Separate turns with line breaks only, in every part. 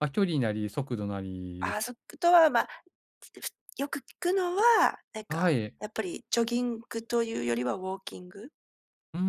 ま、距離なり、速度なり
あ、そくとは、ま。ふつよく聞くのは、なん
あ、は
か
い、え。
やっぱりジョギングというよりはウォーキング。
うんうん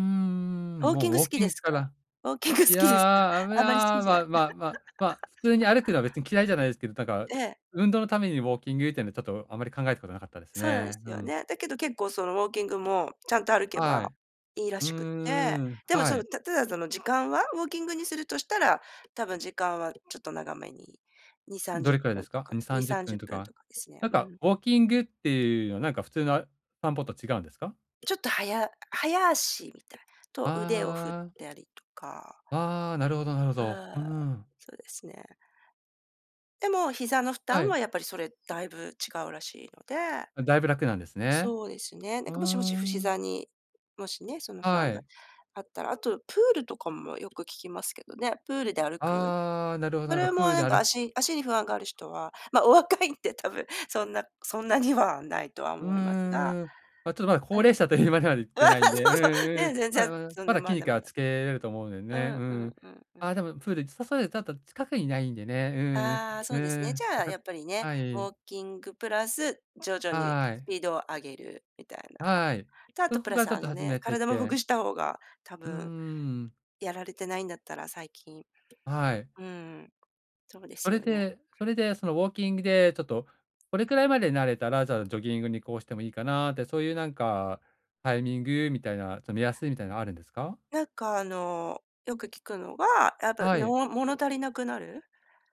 うんう
ウ
ん、
ォーキ
もう、
ング
ウ
好
ォー
き
キ
で
ング
す
か
か？
な。
ウォーキング好
い
きですか？
や、あぶ
あんまり好き
な
じゃない。
まままま、普通に歩くのは別 に嫌いじゃないですけど、だか、
ええ。
運動のためにウォーキングっていうのはちょっとあまり考えたことなかったです
そうなんです
ね。う
よ
ん。
ね。だけど結構そのウォーキングもちゃんと歩け
は
ば、
い。
いいら
う
しくって、
ーん、
でも、ち
は
ょ
い。
たただ、その、時間は、ウォーキングにするとしたら、多分時間はちょっと長めににさんじ
ど
ゅっ
れくらい
ぷ
で
ん
す
と
か？
か
にさ
に
んじゅ
さ
っ
んじ
ぷん
ゅっ
と
ぷん
か、
とかですね。
なん
う
か
ん。
ウォーキングっていうのはなんか普通の、あ散歩と違うんですか？
ちょっとはや早足みたい、
あ
と
あ、
腕を振っ
あああ。
たりとか。
ああ、なるほどなるほど。う
ああ、
ん。
そうですね。でも膝の負
は
担は
い。
やっぱり、それ、だいぶ違うらしいので。
だいぶ楽なんですね。
そうですね、な
う
ん
ー
かもしもしふ
ん。
膝に、もしね、その不
は
安が
い。
あったらあとプールとかもよく聞きますけどね、プールで歩く。
ああ、なるほどな
そ
るほ
れ
ど。
も
プール
な
で
ん
あ
か
る。
足足に不安がある人は、ま、お若いんで多分、そんなそんなにはないとは
う
思いますが、
ーん、ま、ちょっとまだ
う
高
ん。
齢者というまではいってないんで、う
そうそう、
んう
ね、
ん、
全
まだ
然、
まだ、
そん
まだ
な、
筋
まだ
肉
ま
は
だ。
つけれると思うんで
うん、
ね。
う
う
ん、
ん。
うん、うん。
あ、でもプール、近くにないんでね、うん
ああ、そ
う
うです
ん、う
ね。じ
ん、
ゃあや っぱりね、
は
ウ
い。
ォーキングプラス、徐々に
は
ス
い。
ピードを上げるみたいな。
はい、
と、あと
そ
プ
こ
ラ
か
ス
らちょっ
あ
と
の
始
ね、
めてっ
体もほぐ
て
した方が多
うんうん
分。
うん。
やられてないんだったら、最近。
はい。
うん、そうで
そ
す
れ
よね。
でそれでそのウォーキングで、ちょっとこれくらいまで慣れたら、じゃあ、ジョギングに移行してもいいかなって、そういうなんかタイミングみたいな、ちょ目安みたいなのあるんですか？
なんかあの、よく聞くのが、やっぱ、
はい。
もの物足りなくなる。